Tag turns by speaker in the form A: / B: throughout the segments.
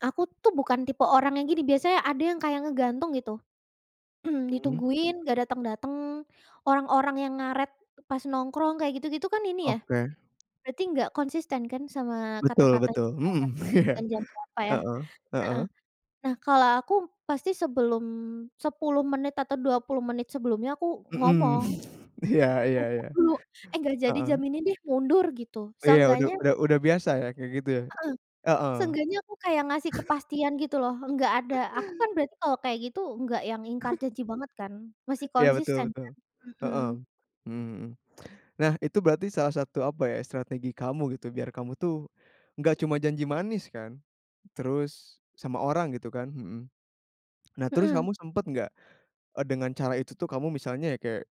A: Aku tuh bukan tipe orang yang gini, biasanya ada yang kayak ngegantung gitu,
B: Hmm.
A: ditungguin nggak datang-datang, orang-orang yang ngaret pas nongkrong, kayak gitu-gitu kan ini ya
B: Oke.
A: berarti nggak konsisten kan sama
B: Betul
A: kata-katanya,
B: betul,
A: sama
B: mmm,
A: kata-kata janjian
B: iya.
A: jam berapa, ya,
B: Heeh
A: heeh.
B: heeh.
A: Nah, kalau aku pasti sebelum 10 menit atau 20 menit sebelumnya aku
B: Mmm.
A: ngomong.
B: Iya iya
A: Ngomong
B: iya.
A: dulu, "Eh, nggak jadi jam
B: Heeh.
A: ini deh, mundur," gitu
B: Iya, udu
A: seenggaknya
B: udah udah biasa ya kayak gitu ya?
A: Heeh,
B: Heeh.
A: seenggaknya aku kayak ngasih kepastian gitu loh. Nggak ada, aku kan berarti kalau kayak gitu nggak yang ingkar janji banget kan, masih
B: Iya, betul
A: konsisten
B: betul.
A: kan?
B: Heeh.
A: Hmm.
B: Mmm, hmm. Nah, itu berarti salah satu apa ya, strategi kamu gitu biar kamu tuh nggak cuma janji manis kan? Terus sama orang gitu kan? Hmm. Nah, terus
A: Hmm.
B: kamu sempat nggak e dengan cara itu tuh kamu misalnya kayak,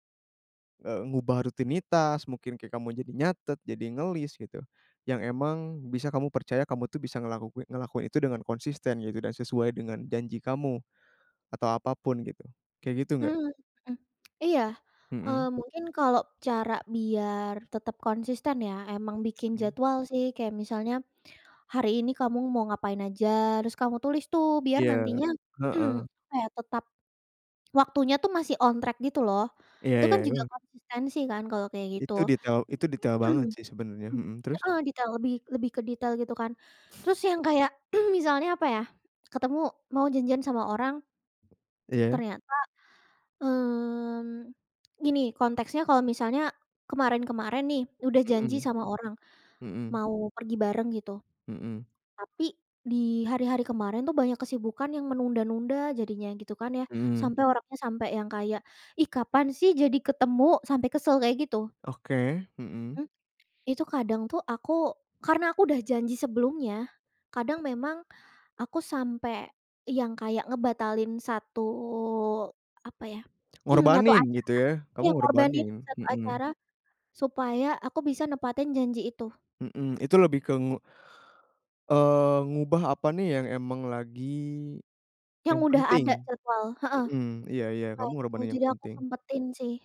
B: eee, ngubah rutinitas, mungkin kayak kamu jadi nyatet, jadi nge-list gitu yang memang bisa kamu percaya kamu tuh bisa ngelakui ngelakuin itu dengan konsisten gitu, dan sesuai dengan janji kamu atau apa pun gitu. Kayak gitu nggak?
A: Mmm, mhm, iya, eee,
B: Mmm.
A: mungkin kalau cara biar tetap konsisten ya, emang bikin
B: Mmm.
A: jadwal sih. Kayak misalnya hari ini kamu mau ngapain aja harus kamu tulis tuh, biar
B: Iya,
A: nantinya,
B: heeh.
A: apa ya, tetap waktunya tuh masih on track gitu loh.
B: Iya
A: Itu
B: iya,
A: kan juga
B: eh.
A: konsistensi kan kalau kayak gitu?
B: Itu detail itu detail banget sih sebenarnya,
A: Mmm.
B: hmm. Terus?
A: Heeh, detail, lebih lebih ke detail gitu kan. Terus yang kayak misalnya, apa ya, ketemu, mau janjian sama orang.
B: Iya.
A: Ternyata, mmm, gini konteksnya, kalau misalnya kemarin-kemarin nih udah janji
B: Hmm,
A: sama orang
B: mmm.
A: mau pergi bareng gitu,
B: Mmm.
A: tapi di hari-hari kemarin tuh banyak kesibukan yang menunda-nunda jadinya gitu kan, ya,
B: Mmm.
A: sampai orangnya sampai yang kayak, “Ih, kapan sih jadi ketemu?” Sampai kesel kayak gitu.
B: Oke, hmm.
A: Mmm. Itu kadang tuh aku karena aku udah janji sebelumnya, kadang memang aku sampai yang kayak ngebatalin satu, apa ya, satu
B: Ngorbanin,
A: acara,
B: gitu ya? Kamu
A: ya ngorbanin
B: ngorbanin,
A: satu
B: hmm.
A: acara supaya aku bisa nepatin janji itu.
B: Mmm, itu lebih ke ngu eee, ngubah apa nih yang memang lagi,
A: Yang
B: yang
A: udah
B: penting?
A: ada jadwal, heeh,
B: Mmm, iya iya. Kamu
A: kayak gitu.
B: ngorbanin yang
A: Jadi aku
B: penting.
A: sempatin sih.